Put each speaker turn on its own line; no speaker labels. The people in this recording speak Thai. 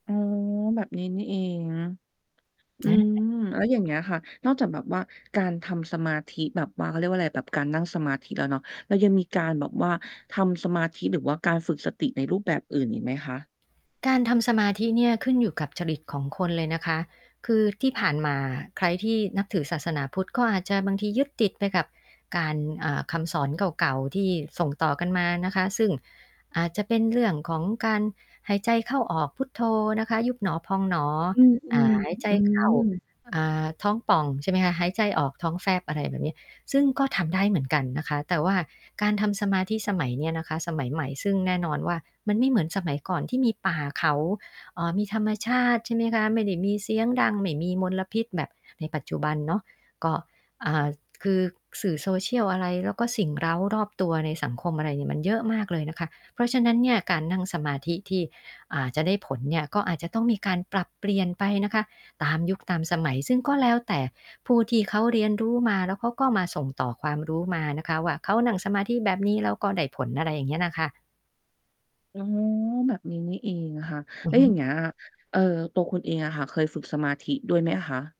อ๋อ แบบนี้นี่เอง อื
อ
ม
า
แล้วอย่างเงี้ยค่ะ นอกจากแบบว่าการทำสมาธิแบบว่า เขาเรียกว่าไร แบบการนั่งสมาธิแล้วเนาะ เรายังมีการแบบว่าทำสมาธิหรือว่าการฝึกสติในรูปแบบอื่นอีกไหมคะ?
การทำสมาธิเนี่ยขึ้นอยู่กับจริตของคนเลยนะคะ คือที่ผ่านมาใครที่นับถือศาสนาพุทธ ก็อาจจะบางทียึดติดไปกับการ อ่า คำสอนเก่า ๆ ที่ส่งต่อกันมานะคะ ซึ่งอาจจะเป็นเรื่องของการหายใจเข้าออกพุทโธนะคะ ยุบหนอพองหนอ
อื
อ่า
อ
หายใจ
ๆ อื
เข้า
ม
อ่า ท้องป่อง ใช่ไหมคะ หายใจออกท้องแฟบ อะไรแบบนี้ ซึ่งก็ทำได้เหมือนกันนะคะ แต่ว่าการทำสมาธิสมัยเนี้ยนะคะ สมัยใหม่ซึ่งแน่นอนว่า มันไม่เหมือนสมัยก่อนที่มีป่าเขา เอ่อ มีธรรมชาติ ใช่ไหมคะ ไม่ได้มีเสียงดัง ไม่มีมลพิษแบบในปัจจุบันเนาะ ก็ อ่า คือสื่อ social อะไร แล้วก็สิ่งเร้ารอบตัวในสังคม อะไรเนี่ยมันเยอะมากเลยนะคะ เพราะฉะนั้นเนี่ย การนั่งสมาธิที่ อ่า จะได้ผลเนี่ย ก็อาจจะต้องมีการปรับเปลี่ยนไปนะคะตามยุคตามสมัย ซึ่งก็แล้วแต่ผู้ที่เขาเรียนรู้มา แล้วเขาก็มาส่งต่อความรู้มานะคะว่า เขานั่งสมาธิแบบนี้แล้วก็ได้ผล อะไรอย่างเงี้ยน่ะค่ะ
อ๋อ แบบนี้นี่เองค่ะ
อ
แ
ื
ล้
อ
ว
ฮ
อย่า
ึ
งเงี้ย เอ่อ ตัวคุณเองอะค่ะ เคยฝึกสมาธิด้วยไหมคะ?